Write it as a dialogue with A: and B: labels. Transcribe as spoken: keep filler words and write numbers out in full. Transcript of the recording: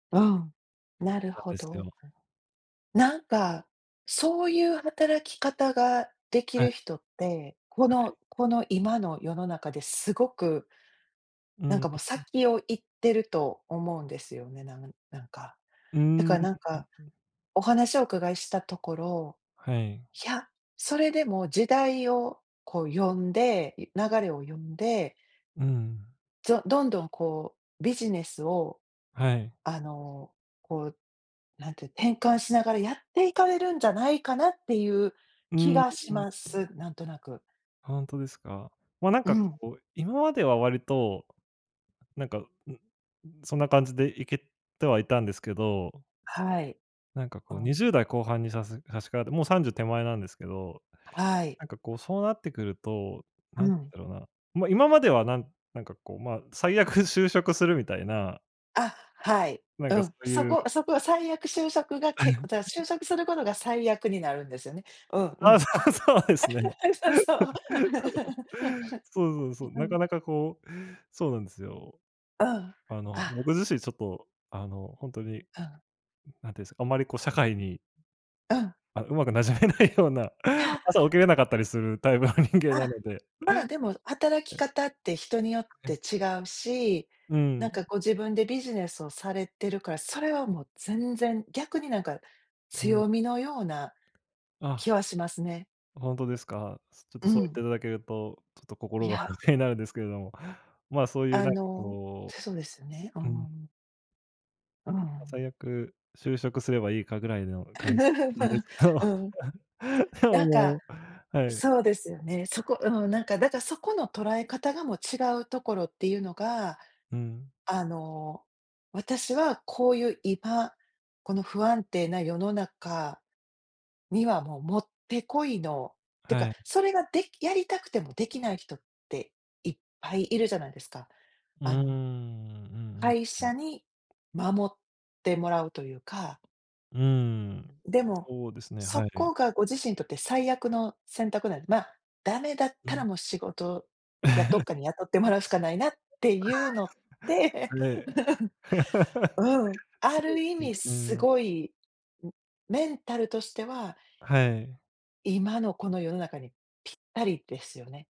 A: うん、なる
B: なん
A: ほ
B: ですけれ
A: ど。
B: ども。
A: なんか、そういう働き方ができ
B: は
A: る
B: い。
A: 人って、こ
B: はい。
A: のこの今の世の中ですごく
B: うん。
A: なん
B: うん
A: か、もう、
B: うん。
A: 先を行ってると思うんですよね、なんなんか。
B: うー
A: だ
B: ん。
A: か
B: う
A: ら、なん
B: ん
A: か、
B: うん。
A: お話をお伺いしたところ、
B: はい。
A: いや、それでも時代をこう読んで、い流れを読んで
B: うーん。
A: ぞどんどん、こう、ビジネスを、
B: はい。
A: あの、こう、何ていう、転換しながらやっていかれるんじゃないかなっていう
B: う
A: 気
B: ーん。
A: がしま
B: [unintelligible]
A: す。なんとなく。
B: ほんとですか。ま、なん
A: う
B: か、
A: ん。
B: こう、今までは割と、なんか、ん、そんな感じで行けてはいたんですけど
A: はい。
B: なんか、
A: う
B: こう、に
A: ん。
B: じゅうだい後半にさす差しかかって、もうさんじゅう手前なんですけど。
A: ははい。
B: なんか、こう、そうなってくると、
A: う
B: なん
A: ん。
B: だろうな、ま、今まではなんなんか、こう、ま、最悪就職するみたいな
A: あ、はい。
B: なん
A: う
B: か、そ
A: ん。
B: う
A: そ
B: いう
A: こそこは最悪就職がけじゃ、就 職することが最悪になるんですよね。うんう
B: あ、そ
A: ん。
B: う、そうですね。
A: そうそう。
B: そう。そうそうそ う。
A: う
B: な
A: ん。
B: かなか、こう、そうなんですよ。
A: うん、
B: あの、
A: あ。
B: 僕自身ちょっと、あの、ほんとに、なんて
A: うん。
B: 言うんですか、あんまり、こう、社会に
A: うん。
B: あ、うまく染めないような、
A: いや。
B: 朝起きれなかったりするタイプの人間
A: あ
B: な
A: あ、
B: ので。
A: まあ、でも、働き方って人によって
B: え。
A: 違うし、
B: う
A: なん
B: ん。
A: か、こう、自分でビジネスをされてるから、それはもう全然、逆に、なんか、
B: うん。
A: 強みのような気
B: あ。
A: はしますね。
B: ほんとですか。ちょっと
A: う
B: そう言って
A: ん。
B: いただけると、ちょっと
A: い
B: 心が
A: や。
B: 楽になるんですけれども、まあ、そういう、
A: あ
B: なんか、
A: の、
B: こ
A: つそうですよね。うんう
B: うう
A: ん
B: ん。
A: うん。うんう
B: まあ、
A: ん。
B: 最悪、就職すればいいか、ぐらいの感じだったんです け
A: う
B: ど。
A: ん。
B: で
A: な
B: も、
A: ん
B: も
A: か、
B: うはい。
A: そうですよね。そこ、うん、なんか、だから、そこの捉え方が、もう違うところっていうのが、
B: うん。
A: あの、私はこういう今、この不安定な世の中には、もう持ってこいの、って
B: は
A: か、
B: い。
A: それがでやりたくてもできない人って、いっぱいいるじゃないですか。
B: うーん、
A: あ
B: うんう
A: の
B: ん。
A: 会
B: うん。
A: 社に守ってもらうというか。
B: うーん。
A: でも、
B: そうですね、
A: そ
B: はい。
A: こがご自身にとって最悪の選択なんで、ま、ダメだっ
B: う
A: た
B: ん。
A: らもう仕事や、どっ かに雇ってもらうしかないなっていうのって、
B: はい。
A: う ん、うん、あ
B: そうで
A: る意
B: すね、
A: 味
B: う
A: す
B: ん。
A: ごい、ん、メンタルとしては
B: はい。
A: 今のこの世の中に、ぴったりですよね。